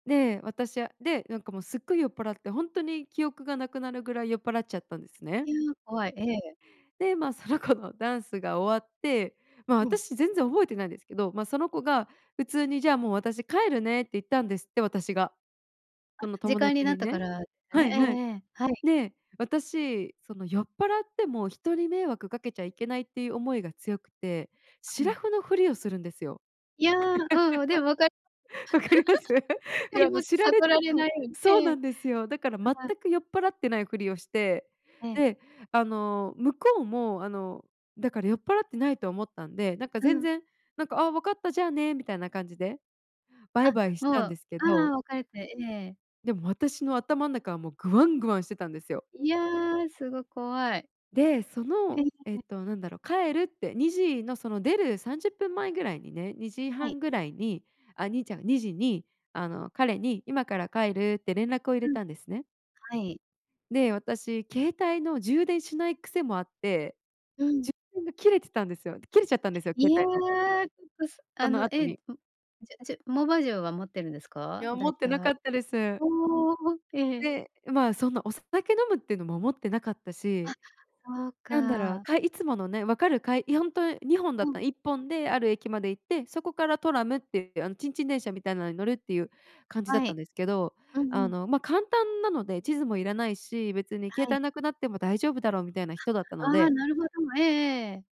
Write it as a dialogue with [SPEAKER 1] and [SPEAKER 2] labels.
[SPEAKER 1] で、私は、で、なんかもうすっごい酔っぱらって、ほんとに記憶がなくなるぐらい酔っぱらっちゃったんですね。
[SPEAKER 2] いや、怖い、ええ。
[SPEAKER 1] で、ま、その子のダンスが終わって、ま、
[SPEAKER 2] うん。
[SPEAKER 1] 私全然覚えてないんですけど、ま、その子が普通に「じゃあもう私帰るね」って言ったんですって私が。
[SPEAKER 2] あ、
[SPEAKER 1] その
[SPEAKER 2] 時
[SPEAKER 1] 友
[SPEAKER 2] 間に
[SPEAKER 1] 達
[SPEAKER 2] な
[SPEAKER 1] に
[SPEAKER 2] ったか
[SPEAKER 1] ね
[SPEAKER 2] らです
[SPEAKER 1] は
[SPEAKER 2] ね。
[SPEAKER 1] い
[SPEAKER 2] え
[SPEAKER 1] はい。
[SPEAKER 2] え、はい。
[SPEAKER 1] で私、その酔っぱらっても人に迷惑かけちゃいけないっていう思いが強くて、シ
[SPEAKER 2] う
[SPEAKER 1] ラ
[SPEAKER 2] ん。
[SPEAKER 1] フのふりをするんですよ。
[SPEAKER 2] いや、うん、でも分かります。
[SPEAKER 1] わかります？い
[SPEAKER 2] 分か
[SPEAKER 1] や
[SPEAKER 2] り
[SPEAKER 1] あの
[SPEAKER 2] ます。
[SPEAKER 1] 知られた
[SPEAKER 2] 悟られない
[SPEAKER 1] く
[SPEAKER 2] ように、
[SPEAKER 1] そう
[SPEAKER 2] ええ。
[SPEAKER 1] なんですよ。だから全
[SPEAKER 2] うん。
[SPEAKER 1] く酔っ払ってないふりをして、
[SPEAKER 2] ええ。
[SPEAKER 1] で、あの向こうもあの、だから酔っ払ってないと思ったんで、なんか
[SPEAKER 2] う
[SPEAKER 1] 全
[SPEAKER 2] ん。
[SPEAKER 1] 然なんか、「あ、わかったじゃあね」みたいな感じでバイ
[SPEAKER 2] あ、
[SPEAKER 1] バイした
[SPEAKER 2] も
[SPEAKER 1] んで
[SPEAKER 2] う、
[SPEAKER 1] すけど。
[SPEAKER 2] ああ、別れて、ええ。
[SPEAKER 1] でも私の頭ん中はもうグワングワンしてたんですよ。
[SPEAKER 2] いや、すご、怖い。
[SPEAKER 1] で、そ
[SPEAKER 2] え
[SPEAKER 1] のえっ
[SPEAKER 2] え。
[SPEAKER 1] となんだろう、帰るって2時のその出る30分前ぐらいにね、にじ
[SPEAKER 2] は
[SPEAKER 1] は
[SPEAKER 2] い。
[SPEAKER 1] んぐらいにあ、にいちゃん2時にあの彼に今から帰るって連絡を入れ
[SPEAKER 2] うん。
[SPEAKER 1] たんですね。
[SPEAKER 2] はい。
[SPEAKER 1] で、私携帯の充電しない癖もあって、
[SPEAKER 2] うん。
[SPEAKER 1] 充電が切れてたんですよ切れちゃったんですよ、
[SPEAKER 2] い
[SPEAKER 1] 携
[SPEAKER 2] や、
[SPEAKER 1] 帯
[SPEAKER 2] ウ
[SPEAKER 1] の。
[SPEAKER 2] ップス、
[SPEAKER 1] そ
[SPEAKER 2] あ
[SPEAKER 1] の
[SPEAKER 2] の、
[SPEAKER 1] 後
[SPEAKER 2] ええ、うっ、
[SPEAKER 1] に
[SPEAKER 2] じゅじゅモバ充は持ってるんです
[SPEAKER 1] い
[SPEAKER 2] か？
[SPEAKER 1] や、持
[SPEAKER 2] 大
[SPEAKER 1] ってなか
[SPEAKER 2] 体。
[SPEAKER 1] ったです。
[SPEAKER 2] おお。ええ。
[SPEAKER 1] で、う、ま、そんなお酒飲むっていうのも思ってなかった
[SPEAKER 2] あ、
[SPEAKER 1] し。
[SPEAKER 2] そう
[SPEAKER 1] なんだろう、
[SPEAKER 2] か。
[SPEAKER 1] かいつものね、分かるかいいや、本当2本
[SPEAKER 2] う
[SPEAKER 1] だっ
[SPEAKER 2] ん。
[SPEAKER 1] たら1本である駅まで行って、そこからトラムっていうあの、ちんちん電車みたいのに乗るっていう感じだっ
[SPEAKER 2] は
[SPEAKER 1] たん
[SPEAKER 2] い。
[SPEAKER 1] ですけど、
[SPEAKER 2] うん
[SPEAKER 1] あ
[SPEAKER 2] うん。
[SPEAKER 1] の、ま、簡単なので地図もいらないし、別に携
[SPEAKER 2] はい。
[SPEAKER 1] 帯なくなっても大丈夫だろうみたいな人だったの
[SPEAKER 2] あ、
[SPEAKER 1] で
[SPEAKER 2] なるほど、ええええ。